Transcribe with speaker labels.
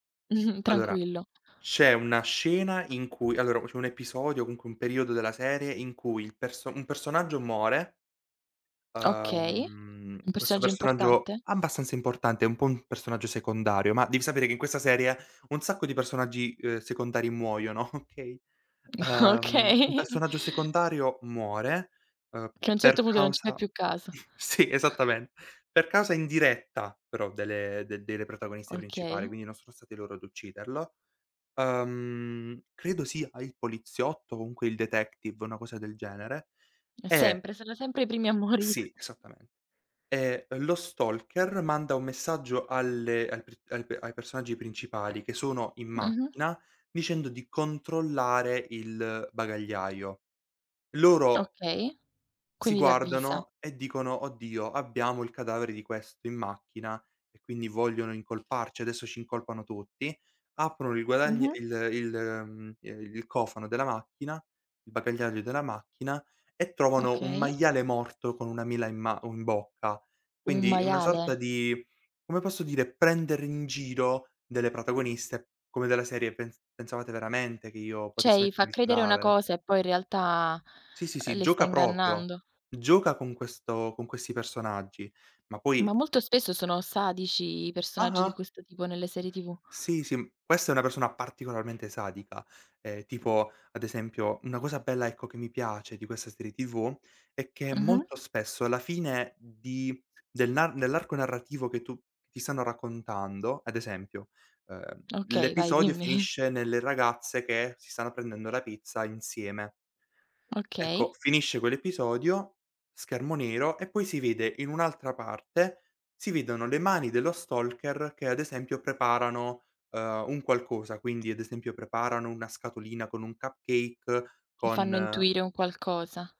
Speaker 1: Allora,
Speaker 2: Tranquillo.
Speaker 1: c'è una scena in cui allora q c'è un episodio o comunque un periodo della serie, in cui il perso un personaggio more
Speaker 2: Okay,
Speaker 1: Uhm,
Speaker 2: un
Speaker 1: questo
Speaker 2: personaggio
Speaker 1: personaggio
Speaker 2: importante?
Speaker 1: abbastanza importante, è un po' un personaggio secondario, ma devi sapere che in questa serie un sacco di personaggi, uhm, secondari muoiono, okay, uhm, un
Speaker 2: Okay.
Speaker 1: personaggio secondario muore, uhm,
Speaker 2: Che a un certo
Speaker 1: per
Speaker 2: punto non ci fai
Speaker 1: causa
Speaker 2: più caso.
Speaker 1: sì, esattamente, per causa indiretta però delle de de delle protagoniste principali,
Speaker 2: Okay.
Speaker 1: quindi non sono stati loro ad ucciderlo. Uhm, credo sia a il poliziotto, comunque il detective, una cosa del genere, e
Speaker 2: Sempre, sono sempre i primi a morire.
Speaker 1: Sì, esattamen ehm, e lo stalker manda un messaggio alle al pr al ai personaggi principali che sono in
Speaker 2: Ah-ah.
Speaker 1: macchina dicendo di controllare il bagagliaio. Loro
Speaker 2: Okay,
Speaker 1: si
Speaker 2: quindi li avvisa.
Speaker 1: guardano e dicono: "Oddio, abbiamo il cadavere di questo in macchina e quindi vogliono incolparci, adesso ci incolpano tutti," aprono il guadagn
Speaker 2: Mh-mh.
Speaker 1: il il, mhmm, ehm, il cofano della macchina, il bagagliaio della macchina e trovano un
Speaker 2: Okay.
Speaker 1: maiale morto con una mela in ma un bocca.
Speaker 2: Un
Speaker 1: Quindi una sorta
Speaker 2: maiale?
Speaker 1: di, come posso dire, prendere in giro delle protagoniste, come della serie: "Pens pensavate veramente che io
Speaker 2: Cioè,
Speaker 1: potessi
Speaker 2: gli fa
Speaker 1: mettere il
Speaker 2: credere una
Speaker 1: cadavere?"
Speaker 2: cosa e poi in realtà,
Speaker 1: Sì, sì,
Speaker 2: ehm,
Speaker 1: sì,
Speaker 2: le sta
Speaker 1: gioca proprio,
Speaker 2: ingannando.
Speaker 1: gioca con questo con questi personaggi, ma poi
Speaker 2: Ma molto spesso sono sadici i personaggi di
Speaker 1: Ah-ah!
Speaker 2: questo tipo nelle serie TV.
Speaker 1: Sì, sì, questa è una persona particolarmente sadica, ehm, tipo ad esempio, una cosa bella, ecco, che mi piace di questa serie TV è che
Speaker 2: Mh-mh.
Speaker 1: molto spesso alla fine di dell'an nell'arco narrativo che tu ti stanno raccontando, ad esempio, ehm,
Speaker 2: Okay, vai,
Speaker 1: l'episodio
Speaker 2: dimmi.
Speaker 1: finisce nelle ragazze che si stanno prendendo la pizza insieme. Ecco,
Speaker 2: Okay.
Speaker 1: finisce quell'episodio, schermo nero, e poi si vede in un'altra parte, si vedono le mani dello stalker che ad esempio preparano, ehm, un qualcosa, quindi ad esempio preparano una scatolina con un cupcake
Speaker 2: Mi fanno
Speaker 1: con
Speaker 2: intuire un qualcosa.